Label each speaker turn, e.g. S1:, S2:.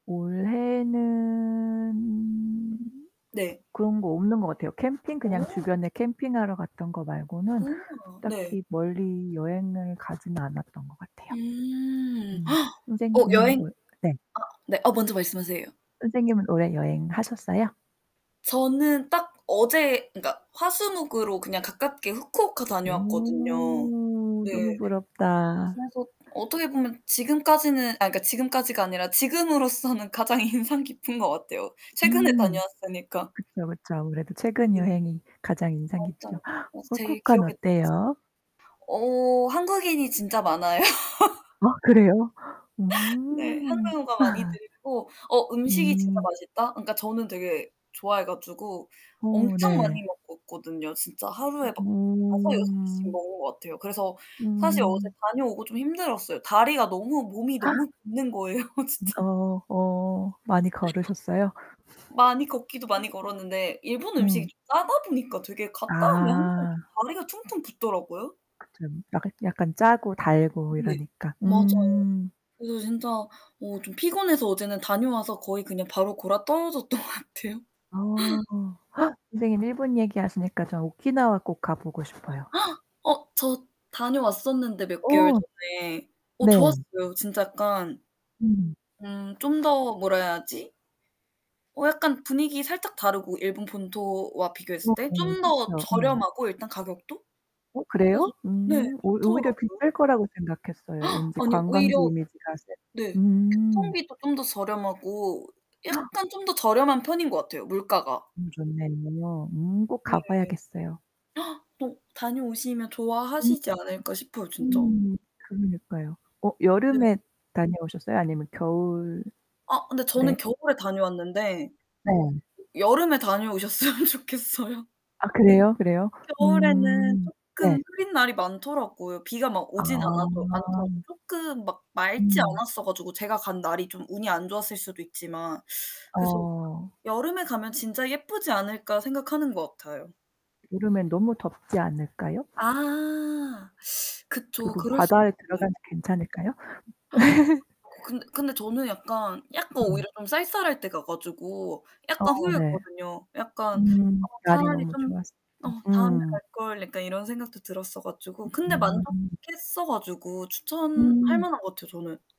S1: 올해는
S2: 네.
S1: 그런 거 없는 것 같아요. 캠핑? 그냥
S2: 어.
S1: 주변에 캠핑하러 갔던 거 말고는
S2: 오와. 네.
S1: 딱히 멀리 여행을 가진 않았던 것 같아요.
S2: 음.
S1: 음.
S2: 어,
S1: 선생님은
S2: 여행
S1: 올 네.
S2: 아 네. 어, 먼저 말씀하세요.
S1: 선생님은 올해 여행 하셨어요?
S2: 저는 딱 어제 그니까 화수목으로 그냥 가깝게 후쿠오카 다녀왔거든요.
S1: 오.
S2: 네
S1: 너무 부럽다.
S2: 그래서 어떻게 보면 지금까지는 아, 그니까 지금까지가 아니라 지금으로서는 가장 인상 깊은 것 같아요. 최근에
S1: 음.
S2: 다녀왔으니까.
S1: 그쵸, 그쵸. 아무래도 최근
S2: 네.
S1: 여행이 가장 인상깊죠.
S2: 맞아요. 맞아, 제일 기억에
S1: 후쿠오카는
S2: 남아서
S1: 어때요?
S2: 어. 한국인이 진짜 많아요.
S1: 아 그래요?
S2: 네.
S1: 음.
S2: 한국어가 많이 들리고 어, 음식이 진짜
S1: 음.
S2: 맛있다. 그니까 저는 되게 좋아해 가지고
S1: 어
S2: 엄청
S1: 네.
S2: 많이 먹었거든요. 진짜 하루에 막 5-6 끼씩
S1: 음.
S2: 먹은 것 같아요. 그래서 사실 어제
S1: 음.
S2: 다녀오고 좀 힘들었어요. 다리가 너무 몸이 너무 붓는 거예요
S1: 음
S2: 진짜.
S1: 어. 어. 많이 걸으셨어요?
S2: 많이 걷기도
S1: 음.
S2: 많이 걸었는데 일본 음식이
S1: 음.
S2: 좀 짜다 보니까 되게 갔다 오면 항상
S1: 아.
S2: 이렇게 다리가 퉁퉁 붓더라고요.
S1: 그쵸. 약간 약간 짜고 달고
S2: 네.
S1: 이러니까.
S2: 맞아요.
S1: 음.
S2: 그래서 진짜 어 좀 피곤해서 어제는 다녀와서 거의 그냥 바로 곯아떨어졌던 것 같아요.
S1: 어. 선생님 일본 얘기하시니까 저 오키나와 꼭 가 보고 싶어요.
S2: 어. 저 다녀왔었는데 몇 개월
S1: 어.
S2: 전에. 어,
S1: 네.
S2: 좋았어요. 진짜 약간
S1: 음.
S2: 음 좀 더 뭐라 해야 하지? 어 약간 분위기 살짝 다르고 일본 본토와 비교했을
S1: 어.
S2: 때?
S1: 네
S2: 좀 더
S1: 그렇죠. 음.
S2: 저렴하고, 일단 가격도.
S1: 어
S2: 그래서
S1: 그래요?
S2: 네,
S1: 음. 오 오히려
S2: 좋더라고요.
S1: 비쌀 거라고 생각했어요. 왠지
S2: 아니요,
S1: 관광지
S2: 오히려
S1: 이미지가 세
S2: 네.
S1: 음.
S2: 교통비도 좀 더 저렴하고 약간 좀 더 저렴한 편인 것 같아요, 물가가.
S1: 음 좋네요. 음. 꼭
S2: 네.
S1: 가 봐야겠어요.
S2: 또 다녀오시면
S1: 음.
S2: 좋아하시지 않을까 싶어요 진짜.
S1: 음 그러니까요. 어
S2: 네.
S1: 여름에 다녀오셨어요? 아니면 겨울
S2: 아. 근데 저는
S1: 네.
S2: 겨울에 다녀왔는데
S1: 네.
S2: 여름에 다녀오셨으면 좋겠어요.
S1: 아 그래요? 그래요?
S2: 겨울에는
S1: 음 네.
S2: 쪼끔 흐린 날이 많더라고요. 비가 막
S1: 아.
S2: 오진 않아도 않더라도 쪼끔 막 맑지
S1: 음.
S2: 않았어 가지고 제가 간 날이 좀 운이 안 좋았을 수도 있지만. 그래서
S1: 어.
S2: '여름에 가면 진짜 예쁘지 않을까.' 생각하는 것 같아요.
S1: 여름에 너무 덥지 않을까요?
S2: 아. 그쵸.
S1: 그래도
S2: 그럴 수도
S1: 바다에
S2: 있네.
S1: 들어가도 괜찮을까요?
S2: 어 근데 근데 저는 약간 약간
S1: 음.
S2: 오히려 좀 쌀쌀할 때 가 가지고 약간
S1: 어 네.
S2: 후회했거든요. 약간
S1: 음. 날이
S2: 차라리
S1: 너무
S2: 좀
S1: 좋았었던
S2: 어, '다음에
S1: 음.
S2: 갈걸.' 약간 이런 생각도 들었어 가지고.
S1: 으
S2: 근데
S1: 음.
S2: 만족했어 가지고 추천할
S1: 음.
S2: 만한 것 같아요 저는.